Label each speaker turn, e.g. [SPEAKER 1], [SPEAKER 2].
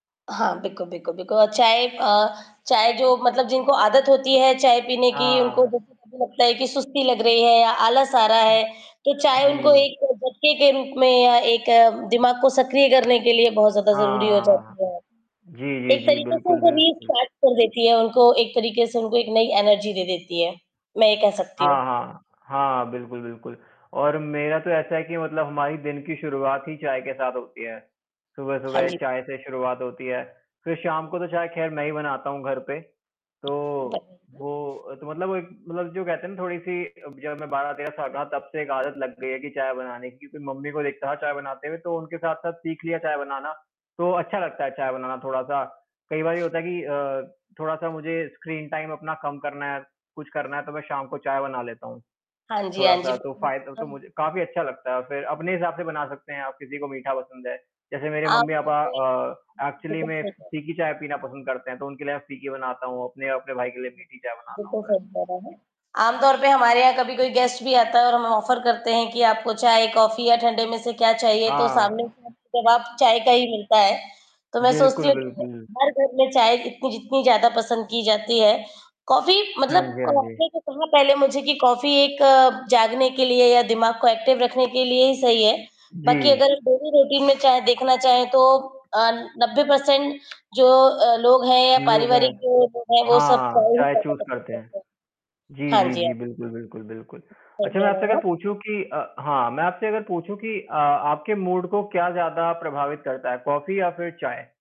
[SPEAKER 1] हाँ, बिकु बिकु बिकु अ, चाय अ, चाय जो मतलब जिनको आदत होती है, चाय पीने की उनको
[SPEAKER 2] हाँ।
[SPEAKER 1] जैसे कभी लगता है कि सुस्ती लग रही है या आलस आ रहा
[SPEAKER 2] हुँ।
[SPEAKER 1] है, तो चाय उनको
[SPEAKER 2] जी।
[SPEAKER 1] एक झटके के रूप में या एक दिमाग को सक्रिय करने के लिए बहुत ज़्यादा ज़रूरी हो
[SPEAKER 2] हाँ।
[SPEAKER 1] जाती है।
[SPEAKER 2] जी, जी,
[SPEAKER 1] एक
[SPEAKER 2] जी,
[SPEAKER 1] तरीके से
[SPEAKER 2] बिल्कुल,
[SPEAKER 1] उनको
[SPEAKER 2] बिल्कुल।
[SPEAKER 1] रिस्टार्ट कर देती है, उनको एक तरीके से, उनको एक नई एनर्जी दे देती है। मैं ये कह सकती हूँ।
[SPEAKER 2] हाँ, हाँ। हाँ, बिल्कुल, बिल्कुल और मेरा तो ऐसा है कि मतलब हमारी दिन की शुरुआत ही चाय के साथ होती है।
[SPEAKER 1] हाँ
[SPEAKER 2] सुबह-सुबह
[SPEAKER 1] जी।
[SPEAKER 2] चाय से शुरुआत होती है। फिर शाम को तो चाय खैर मैं ही बनाता हूँ, घर पे। तो,
[SPEAKER 1] [unintelligible]
[SPEAKER 2] वो तो मतलब वो एक मतलब जो कहते है ना, थोड़ी-सी, अ, जब मैं 12-13 साल का था, तब से एक आदत लग गई है की चाय बनाने की, फिर मम्मी को देखता था चाय बनाते हुए, तो उनके साथ-साथ सीख लिया चाय बनाना, तो अच्छा लगता है चाय बनाना थोड़ा-सा। कई बार ये होता है कि अ, थोड़ा-सा मुझे स्क्रीन टाइम अपना कम करना है, कुछ करना है, तो मैं शाम को चाय बना लेता हूँ।
[SPEAKER 1] हाँ जी, हाँ जी।
[SPEAKER 2] थोड़ा-सा तो
[SPEAKER 1] बहुत
[SPEAKER 2] फाय तो
[SPEAKER 1] अच्छा।
[SPEAKER 2] मुझे काफ़ी अच्छा लगता है और फिर अपने हिसाब से बना सकते हैं, आप किसी को मीठा पसंद है। जैसे मेरे
[SPEAKER 1] आम तौर
[SPEAKER 2] मम्मी-पापा
[SPEAKER 1] पे।
[SPEAKER 2] अ, एक्चुअली
[SPEAKER 1] बिल्कुल
[SPEAKER 2] में
[SPEAKER 1] सही
[SPEAKER 2] फी
[SPEAKER 1] बात।
[SPEAKER 2] फीकी चाय पीना पसंद करते हैं, तो उनके लिए मैं फीकी बनाता हूँ, अपने और अपने भाई के लिए मीठी चाय बनाना
[SPEAKER 1] बिल्कुल,
[SPEAKER 2] होता है।
[SPEAKER 1] सही कह रहे है। आमतौर पे हमारे यहाँ कभी कोई गेस्ट भी आता है, और हम ऑफर करते हैं, कि आपको चाय, कॉफी या ठंडे में से क्या चाहिए? तो
[SPEAKER 2] हाँ।
[SPEAKER 1] सामने से हमें जवाब चाय का ही मिलता है। तो मैं सोचती
[SPEAKER 2] बिल्कुल,
[SPEAKER 1] हूँ, कि
[SPEAKER 2] बिल्कुल।
[SPEAKER 1] हर घर में चाय इतनी जितनी ज़्यादा पसंद की जाती है, कॉफी
[SPEAKER 2] हाँ
[SPEAKER 1] मतलब
[SPEAKER 2] जी, हाँ
[SPEAKER 1] आपने
[SPEAKER 2] जी।
[SPEAKER 1] जो कहा पहले मुझे कि कॉफी एक जागने के लिए या दिमाग को एक्टिव रखने के लिए ही सही है। बाकी
[SPEAKER 2] जी।
[SPEAKER 1] अगर डेली रूटीन में चाहे देखना चाहें तो अ, 90 पर्सेन्ट जो अ, लोग हैं या
[SPEAKER 2] लोग हैं।
[SPEAKER 1] पारिवारिक जो लोग हैं, वो सब
[SPEAKER 2] हाँ,
[SPEAKER 1] चाय ही
[SPEAKER 2] चाय
[SPEAKER 1] ज़्यादा
[SPEAKER 2] चूज़
[SPEAKER 1] पसंद
[SPEAKER 2] करते हैं।
[SPEAKER 1] करते है।
[SPEAKER 2] जी,
[SPEAKER 1] हाँ
[SPEAKER 2] जी,
[SPEAKER 1] जी,
[SPEAKER 2] जी,
[SPEAKER 1] हाँ।
[SPEAKER 2] बिल्कुल, बिल्कुल, बिल्कुल।
[SPEAKER 1] सही
[SPEAKER 2] अच्छा मैं
[SPEAKER 1] कह रहे
[SPEAKER 2] आपसे अगर
[SPEAKER 1] हैं, आप।
[SPEAKER 2] पूछूँ कि अ, हाँ मैं आपसे अगर पूछूँ कि अ, आपके मूड को क्या ज़्यादा प्रभावित करता है, कॉफी या फिर चाय?